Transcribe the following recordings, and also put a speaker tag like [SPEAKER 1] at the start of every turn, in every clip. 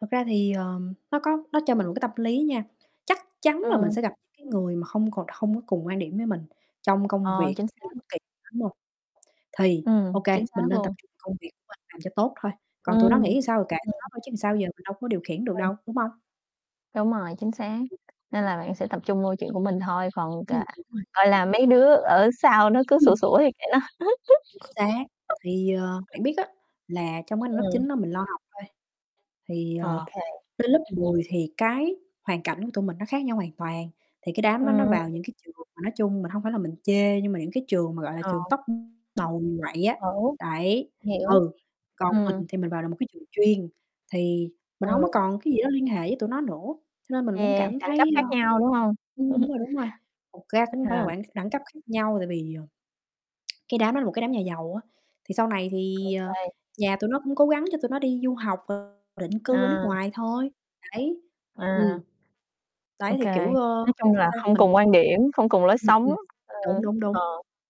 [SPEAKER 1] Thật ra thì, ờ, nó có nó cho mình một cái tâm lý nha, chắc chắn là mình
[SPEAKER 2] Ờ.
[SPEAKER 1] sẽ gặp những cái người mà hông còn hông có cùng quan điểm với mình trong công
[SPEAKER 2] Ờ,
[SPEAKER 1] việc
[SPEAKER 2] chính
[SPEAKER 1] hay là
[SPEAKER 2] xác.
[SPEAKER 1] bất kỳ, [unintelligible] thì, ô
[SPEAKER 2] Ừm,
[SPEAKER 1] kê,
[SPEAKER 2] chính
[SPEAKER 1] mình
[SPEAKER 2] xác
[SPEAKER 1] nên tập
[SPEAKER 2] luôn.
[SPEAKER 1] trung công việc của mình làm cho tốt thôi, còn tụi nó
[SPEAKER 2] Ừm.
[SPEAKER 1] nghĩ sao thì kệ tụi nó
[SPEAKER 2] [unintelligible]
[SPEAKER 1] thôi chứ sao giờ mình đâu có điều khiển được
[SPEAKER 2] Ờ, [unintelligible]
[SPEAKER 1] đâu, đúng hông?
[SPEAKER 2] đúng rồi, chính xác, nên là bạn sẽ tập trung vô chuyện của mình thôi, còn
[SPEAKER 1] Ừm,
[SPEAKER 2] cà
[SPEAKER 1] đúng rồi.
[SPEAKER 2] gọi là, mấy đứa ở sau nó cứ sủa
[SPEAKER 1] Ừm.
[SPEAKER 2] sủa thì kệ nó.
[SPEAKER 1] Chính xác thì, ờ, bạn biết á, là trong cái năm lớp
[SPEAKER 2] Ừm.
[SPEAKER 1] 9 đó mình lo học thôi, thì, ờ,
[SPEAKER 2] OK.
[SPEAKER 1] đến lớp 10 thì cái hoàn cảnh của tụi mình nó khác nhau hoàn toàn, thì cái đám đó nó
[SPEAKER 2] Ừm.
[SPEAKER 1] vào những cái trường mà nói chung mình hông phải là mình chê nhưng mà những cái trường mà, gọi là,
[SPEAKER 2] Ờ.
[SPEAKER 1] trường top, ưm, đầu quậy á,
[SPEAKER 2] [unintelligible]
[SPEAKER 1] đấy,
[SPEAKER 2] Hiểu,
[SPEAKER 1] ừ, còn
[SPEAKER 2] ừm.
[SPEAKER 1] mình thì mình vào được một cái trường chuyên thì mình
[SPEAKER 2] Ừm.
[SPEAKER 1] hổng có còn cái gì đó liên hệ với tụi nó nữa, cho nên mình cũng
[SPEAKER 2] Yeah,
[SPEAKER 1] cảm
[SPEAKER 2] đẳng cấp
[SPEAKER 1] thấy,
[SPEAKER 2] khác
[SPEAKER 1] ơ
[SPEAKER 2] nhau, đúng hông?
[SPEAKER 1] ưm, đúng rồi, đúng rồi, thực ra cũng không phải là
[SPEAKER 2] hà.
[SPEAKER 1] quản đẳng cấp khác nhau tại vì, ờ, cái đám đó là một cái đám nhà giàu á, thì sau này thì, ờ,
[SPEAKER 2] Okay.
[SPEAKER 1] nhà tụi nó cũng cố gắng cho tụi nó đi du học [unintelligible] định cư ở nước
[SPEAKER 2] Ờ.
[SPEAKER 1] ngoài thôi, đấy, ừm.
[SPEAKER 2] À,
[SPEAKER 1] Đấy, thì,
[SPEAKER 2] okay,
[SPEAKER 1] kiểu, ơ,
[SPEAKER 2] nói chung
[SPEAKER 1] sao
[SPEAKER 2] là
[SPEAKER 1] ta,
[SPEAKER 2] không
[SPEAKER 1] mình
[SPEAKER 2] cùng quan điểm, không cùng lối
[SPEAKER 1] Ừm,
[SPEAKER 2] sống,
[SPEAKER 1] ừm,
[SPEAKER 2] ơ,
[SPEAKER 1] đúng, đúng, đúng.
[SPEAKER 2] ờ,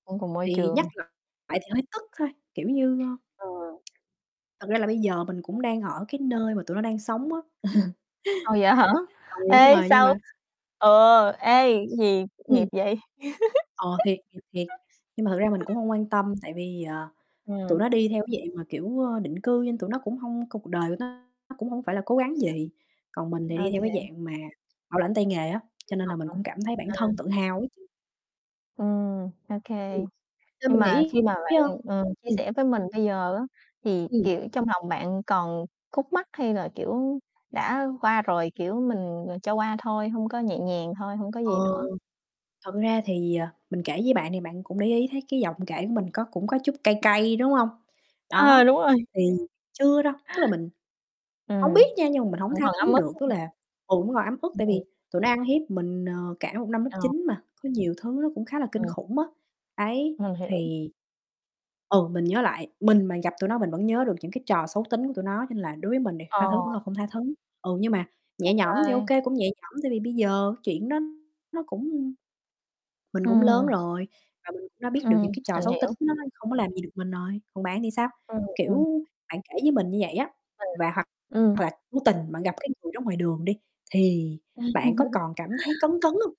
[SPEAKER 2] không cùng môi
[SPEAKER 1] Thì nhắc
[SPEAKER 2] trường.
[SPEAKER 1] lại lại thì hơi tức thôi, kiểu như, ơ
[SPEAKER 2] Ừ.
[SPEAKER 1] thật ra là bây giờ mình cũng đang ở cái nơi mà tụi nó đang sống á.
[SPEAKER 2] À, vậy hả?
[SPEAKER 1] Ừ, đúng
[SPEAKER 2] Ê,
[SPEAKER 1] rồi, nhưng
[SPEAKER 2] sao
[SPEAKER 1] mà
[SPEAKER 2] ừ, ê, gì nghiệp
[SPEAKER 1] Ừm.
[SPEAKER 2] vậy?
[SPEAKER 1] Ờ, thiệt, thiệt, thiệt. Nhưng mà thực ra mình cũng hông quan tâm tại vì, ờ, tụi
[SPEAKER 2] Ừm.
[SPEAKER 1] nó đi theo cái dạng mà, kiểu, ơ, định cư nên tụi nó cũng hông c cuộc đời tụi nó nó cũng hông phải là cố gắng gì, còn
[SPEAKER 2] [unintelligible]
[SPEAKER 1] mình thì đi theo cái
[SPEAKER 2] OK.
[SPEAKER 1] dạng mà bảo lãnh tay nghề á,
[SPEAKER 2] Du
[SPEAKER 1] cho nên là
[SPEAKER 2] học
[SPEAKER 1] mình
[SPEAKER 2] hả?
[SPEAKER 1] cũng cảm thấy bản
[SPEAKER 2] Ờ.
[SPEAKER 1] thân tự hào á chứ.
[SPEAKER 2] Ừm, ô
[SPEAKER 1] Ừm,
[SPEAKER 2] kê.
[SPEAKER 1] do
[SPEAKER 2] Nhưng
[SPEAKER 1] mình
[SPEAKER 2] mà
[SPEAKER 1] nghĩ
[SPEAKER 2] khi mà bạn,
[SPEAKER 1] [unintelligible]
[SPEAKER 2] ừm, ờ, chia
[SPEAKER 1] ừm.
[SPEAKER 2] sẻ với mình bây giờ á, thì,
[SPEAKER 1] Ừm.
[SPEAKER 2] kiểu, trong lòng bạn còn khúc mắc hay là, kiểu, đã qua rồi, kiểu, mình, ờ, cho qua thôi, hông có nhẹ nhàng thôi, hông có
[SPEAKER 1] Ờ,
[SPEAKER 2] gì nữa.
[SPEAKER 1] thực ra thì, ờ, mình kể với bạn thì bạn cũng để ý thấy cái giọng kể của mình có cũng có chút cay cay, đúng hông?
[SPEAKER 2] À!
[SPEAKER 1] Đó,
[SPEAKER 2] Đúng rồi.
[SPEAKER 1] thì chưa đâu, tức là mình hổng biết
[SPEAKER 2] Ừm,
[SPEAKER 1] nha nhưng mà mình hổng
[SPEAKER 2] vẫn
[SPEAKER 1] tha
[SPEAKER 2] còn ấm
[SPEAKER 1] thứ
[SPEAKER 2] ức,
[SPEAKER 1] được,
[SPEAKER 2] phải
[SPEAKER 1] tức
[SPEAKER 2] hông?
[SPEAKER 1] là, ừm, vẫn còn ấm ức tại
[SPEAKER 2] Ừm.
[SPEAKER 1] vì tụi nó ăn hiếp mình, ờ, cả một năm lớp
[SPEAKER 2] Ờ.
[SPEAKER 1] 9 mà, có nhiều thứ nó cũng khá là kinh
[SPEAKER 2] Ừm.
[SPEAKER 1] khủng á, đấy,
[SPEAKER 2] Mình hiểu.
[SPEAKER 1] thì ừ, mình nhớ lại, mình mà gặp tụi nó mình vẫn nhớ được những cái trò xấu tính của tụi nó cho nên là đối với mình đi, tha
[SPEAKER 2] Ờ.
[SPEAKER 1] thứ vẫn là không tha thứ, ừ, nhưng mà
[SPEAKER 2] Ô
[SPEAKER 1] nhẹ nhõm thì ô
[SPEAKER 2] kê.
[SPEAKER 1] kê, cũng nhẹ nhõm tại vì bây giờ chuyện đó nó cũng mình cũng lớn
[SPEAKER 2] Ừm.
[SPEAKER 1] rồi và mình cũng đã biết được
[SPEAKER 2] Ừm,
[SPEAKER 1] những cái trò
[SPEAKER 2] mình
[SPEAKER 1] xấu tính
[SPEAKER 2] hiểu.
[SPEAKER 1] nó nó không có làm gì được mình rồi, còn bạn thì sao?
[SPEAKER 2] Ừm, ừm.
[SPEAKER 1] Kiểu, bạn kể với mình như vậy á,
[SPEAKER 2] [unintelligible]
[SPEAKER 1] và hoặc
[SPEAKER 2] Ừm.
[SPEAKER 1] hoặc là vô tình bạn gặp cái người đó ngoài đường đi thì bạn có còn cảm thấy cấn, cấn hông?